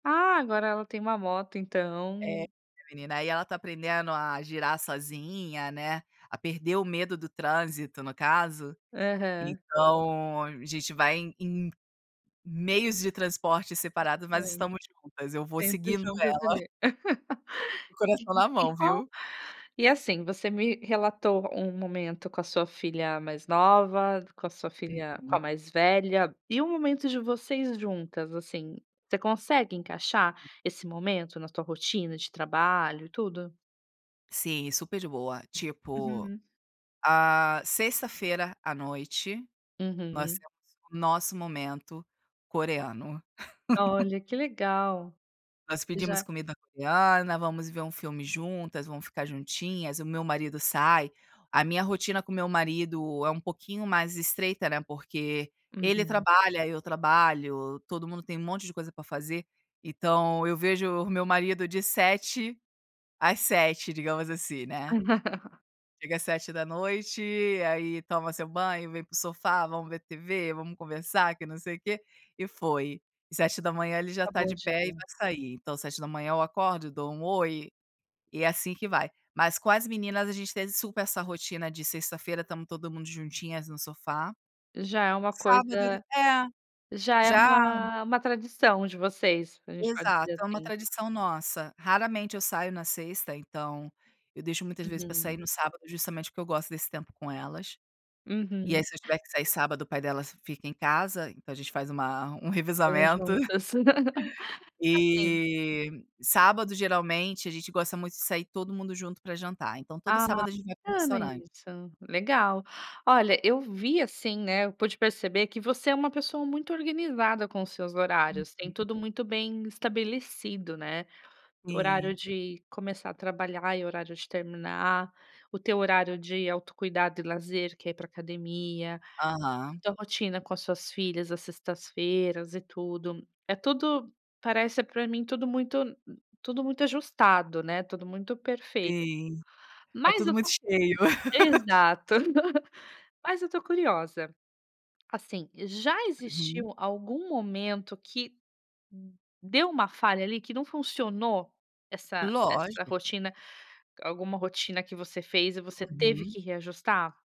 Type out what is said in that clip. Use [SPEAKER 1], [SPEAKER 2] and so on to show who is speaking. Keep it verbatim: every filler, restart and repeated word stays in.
[SPEAKER 1] Ah, agora ela tem uma moto,
[SPEAKER 2] É,
[SPEAKER 1] então.
[SPEAKER 2] menina, aí ela está aprendendo a girar sozinha, né, a perder o medo do trânsito, no caso.
[SPEAKER 1] Aham.
[SPEAKER 2] Então a gente vai em em meios de transporte separado mas
[SPEAKER 1] Gigante.
[SPEAKER 2] estamos juntas, eu vou
[SPEAKER 1] Sempre
[SPEAKER 2] seguindo
[SPEAKER 1] juntas
[SPEAKER 2] ela.
[SPEAKER 1] ali.
[SPEAKER 2] Com o coração
[SPEAKER 1] E
[SPEAKER 2] na
[SPEAKER 1] e
[SPEAKER 2] mão,
[SPEAKER 1] qual
[SPEAKER 2] viu?
[SPEAKER 1] e assim, você me relatou um momento com a sua filha mais nova, com a sua filha com
[SPEAKER 2] Uhum.
[SPEAKER 1] a mais velha, e o momento de vocês juntas, assim, você consegue encaixar esse momento na tua rotina de trabalho, e tudo?
[SPEAKER 2] Sim, super de boa, tipo,
[SPEAKER 1] Uhum.
[SPEAKER 2] ah, sexta-feira à noite, nós
[SPEAKER 1] Uhum.
[SPEAKER 2] temos o nosso momento coreano.
[SPEAKER 1] Olha, que legal.
[SPEAKER 2] Nós
[SPEAKER 1] E
[SPEAKER 2] pedimos
[SPEAKER 1] já
[SPEAKER 2] comida coreana, vamos ver um filme juntas, vamos ficar juntinhas, o meu marido sai, a minha rotina com o meu marido é um pouquinho mais estreita, né, porque ele
[SPEAKER 1] Uhum.
[SPEAKER 2] trabalha, eu trabalho, todo mundo tem um monte de coisa para fazer. Então eu vejo o meu marido de sete às sete, digamos assim, né. Chega às sete da noite, aí toma seu banho, vem para o sofá, vamos ver TV, vamos conversar, que não sei o quê, e foi. sete da manhã ele já está
[SPEAKER 1] Acabou o
[SPEAKER 2] de pé e
[SPEAKER 1] dia.
[SPEAKER 2] vai sair, então sete da manhã eu acordo e dou um oi, e é assim que vai. Mas com as meninas a gente teve super essa rotina de sexta-feira estamos todo mundo juntinhas no sofá.
[SPEAKER 1] Já é uma
[SPEAKER 2] Sábado e do
[SPEAKER 1] coisa
[SPEAKER 2] É,
[SPEAKER 1] já é
[SPEAKER 2] já.
[SPEAKER 1] uma uma tradição de vocês, a gente pode
[SPEAKER 2] Exato,
[SPEAKER 1] dizer
[SPEAKER 2] é uma
[SPEAKER 1] assim.
[SPEAKER 2] tradição nossa. Raramente eu saio na sexta, então, eu deixo muitas vezes para sair
[SPEAKER 1] Uhum.
[SPEAKER 2] no sábado justamente porque eu gosto desse tempo com elas. E
[SPEAKER 1] Uhum.
[SPEAKER 2] aí se eu tiver que sair sábado o pai delas fica em casa, então a gente faz uma um
[SPEAKER 1] Morar
[SPEAKER 2] revezamento.
[SPEAKER 1] juntas. Assim
[SPEAKER 2] E, sábado geralmente a gente gosta muito de sair todo mundo junto para jantar. Então todo
[SPEAKER 1] Ah,
[SPEAKER 2] sábado a gente vai para um
[SPEAKER 1] bacana
[SPEAKER 2] restaurante.
[SPEAKER 1] isso, legal. Olha, eu vi assim, né, eu pude perceber que você é uma pessoa muito organizada com os seus horários,
[SPEAKER 2] Uhum.
[SPEAKER 1] tem tudo muito bem estabelecido, né. Horário
[SPEAKER 2] Sim.
[SPEAKER 1] de começar a trabalhar e horário de terminar, o teu horário de autocuidado e lazer que é ir para academia, e
[SPEAKER 2] Aham.
[SPEAKER 1] tua rotina com as suas filhas às sextas-feiras e tudo, é tudo, parece para mim tudo muito tudo muito ajustado, né, tudo muito perfeito.
[SPEAKER 2] Sim. É
[SPEAKER 1] Mas
[SPEAKER 2] tudo
[SPEAKER 1] eu
[SPEAKER 2] muito
[SPEAKER 1] to
[SPEAKER 2] cheio.
[SPEAKER 1] exato. Mas eu estou curiosa. Assim, já
[SPEAKER 2] Uhum.
[SPEAKER 1] existiu algum momento que, hum, deu uma falha ali que não funcionou essa essa
[SPEAKER 2] Lógico.
[SPEAKER 1] rotina alguma rotina que você fez e você teve
[SPEAKER 2] Uhum.
[SPEAKER 1] que reajustar?